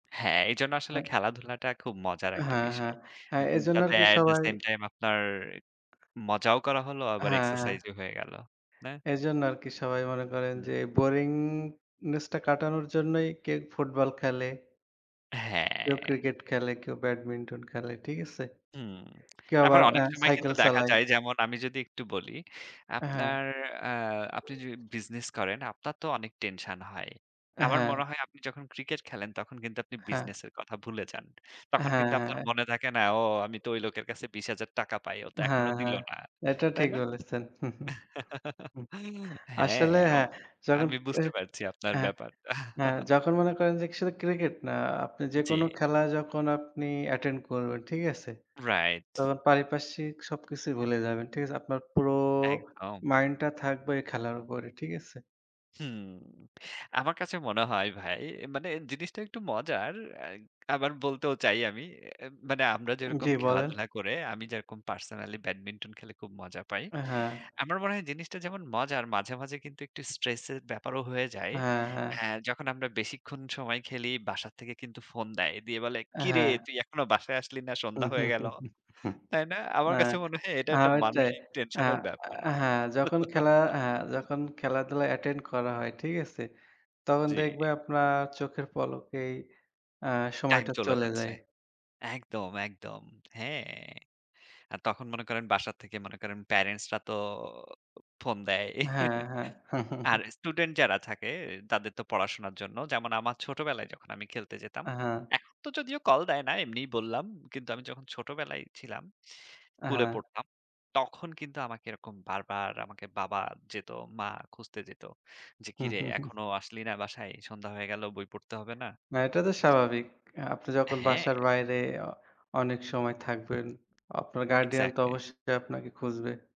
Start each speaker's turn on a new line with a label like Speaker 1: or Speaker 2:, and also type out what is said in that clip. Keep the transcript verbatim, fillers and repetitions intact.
Speaker 1: হ্যাঁ, এজন্য আসলে
Speaker 2: হ্যাঁ।
Speaker 1: খেলাধুলাটা খুব মজার একটা
Speaker 2: হ্যাঁ, হ্যাঁ,
Speaker 1: বিষয়।
Speaker 2: হ্যাঁ এজন্য আর
Speaker 1: যাতে
Speaker 2: কি
Speaker 1: at the
Speaker 2: সবাই
Speaker 1: same time আপনার মজাও করা হলো আবার
Speaker 2: হ্যাঁ, হ্যাঁ।
Speaker 1: exercise ও হয়ে গেল। না?
Speaker 2: এজন্য আরকি সবাই মনে করেন
Speaker 1: হুম।
Speaker 2: যে boringness টা কাটানোর জন্যই কেউ Football খেলে। কেউ
Speaker 1: হ্যাঁ।
Speaker 2: Cricket খেলে, কেউ Badminton খেলে। ঠিক আছে?
Speaker 1: হুম।
Speaker 2: কেউ
Speaker 1: আবার
Speaker 2: আবার অ্যা
Speaker 1: অনেক সময় কিন্তু
Speaker 2: Cycle
Speaker 1: দেখা
Speaker 2: চালায়।
Speaker 1: যায় যেমন আমি যদি একটু বলি,
Speaker 2: হ্যাঁ।
Speaker 1: আপনার আ আপনি যদি business করেন আপনার তো অনেক tension হয়। আমার
Speaker 2: হ্যাঁ।
Speaker 1: মনে হয় আপনি যখন Cricket খেলেন তখন কিন্তু আপনি
Speaker 2: হ্যাঁ।
Speaker 1: business এর কথা ভুলে যান। তখন
Speaker 2: হ্যাঁ,
Speaker 1: কিন্তু আপনার
Speaker 2: হ্যাঁ।
Speaker 1: মনে থাকে না, ও আমি তো ওই লোকের কাছে বিশ হাজার টাকা পাই। ও তো
Speaker 2: হ্যাঁ,
Speaker 1: এখনো দিল
Speaker 2: হ্যাঁ।
Speaker 1: না।
Speaker 2: এটা
Speaker 1: তাই
Speaker 2: ঠিক
Speaker 1: না?
Speaker 2: বলেছেন।
Speaker 1: হ্যাঁ,
Speaker 2: আসলে
Speaker 1: আম
Speaker 2: হ্যাঁ, যখন
Speaker 1: আমি বুঝতে পারছি আপনার
Speaker 2: হ্যাঁ,
Speaker 1: ব্যাপারটা।
Speaker 2: হ্যাঁ। যখন মনে করেন যে শুধু Cricket না। আপনি
Speaker 1: জি।
Speaker 2: যেকোনো খেলা যখন আপনি attend করবেন, ঠিক আছে?
Speaker 1: রাইট।
Speaker 2: তখন পারিপার্শ্বিক সবকিছুই ভুলে যাবেন। ঠিক আছে? আপনার পুরো
Speaker 1: একদম।
Speaker 2: mind টা থাকবে খেলার উপরে। ঠিক আছে?
Speaker 1: হুম। আমার কাছে মনে হয় ভাই মানে জিনিসটা একটু মজার। আবার বলতেও চাই আমি। মানে আমরা যেরকম
Speaker 2: জ্বী, বলেন।
Speaker 1: খেলাধুলা করে আমি যেরকম personally Badminton খেলে খুব মজা পাই।
Speaker 2: হ্যাঁ।
Speaker 1: আমার মনে হয় জিনিসটা যেমন মজার; মাঝে, মাঝে কিন্তু একটু stress এর ব্যাপারও হয়ে যায়।
Speaker 2: হ্যাঁ, হ্যাঁ।
Speaker 1: হ্যাঁ, যখন আমরা বেশিক্ষণ সময় খেলি, বাসা থেকে কিন্তু ফোন দেয়। দিয়ে বলে, "কিরে
Speaker 2: হ্যাঁ।
Speaker 1: তুই এখনো বাসায় আসলি না? সন্ধ্যা হয়ে গেল।" তাই না? আমার
Speaker 2: আ
Speaker 1: কাছে মনে হয় এটা
Speaker 2: আ
Speaker 1: একটা
Speaker 2: ওইটাই।
Speaker 1: মানসিক
Speaker 2: আ
Speaker 1: tension এর ব্যাপার।
Speaker 2: হ্যাঁ, যখন খেলা হ্যাঁ, যখন খেলাধুলা attend করা হয় ঠিক আছে? তখন
Speaker 1: জি।
Speaker 2: দেখবে আপনার চোখের পলকেই অ্যা
Speaker 1: time
Speaker 2: সময়টা
Speaker 1: চলে
Speaker 2: চলে
Speaker 1: যাচ্ছে।
Speaker 2: যায়।
Speaker 1: একদম, একদম। হ্যাঁ। আর তখন মনে করেন বাসা থেকে মনে করেন parents রা তো ফোন দেয়।
Speaker 2: হ্যাঁ, হ্যাঁ।
Speaker 1: আর student যারা থাকে তাদের তো পড়াশোনার জন্য। যেমন আমার ছোটবেলায় যখন আমি খেলতে যেতাম।
Speaker 2: হ্যাঁ।
Speaker 1: এখন তো যদিও কল দেয় না এমনিই বললাম। কিন্তু আমি যখন ছোটবেলায় ছিলাম, school এ
Speaker 2: হ্যাঁ।
Speaker 1: পড়তাম। তখন কিন্তু আমাকে এরকম বারবার আমাকে বাবা যেত, মা খুঁজতে যেত। যে, ‘’কিরে এখনো আসলি না বাসায়? সন্ধ্যা হয়ে গেল, বই পড়তে হবে না?‘’
Speaker 2: না এটা তো স্বাভাবিক। আপনি যখন
Speaker 1: হ্যাঁ।
Speaker 2: বাসার বাইরে অ অনেক সময় থাকবেন আপনার guardian তো
Speaker 1: Exactly।
Speaker 2: অবশ্যই আপনাকে খুঁজবে।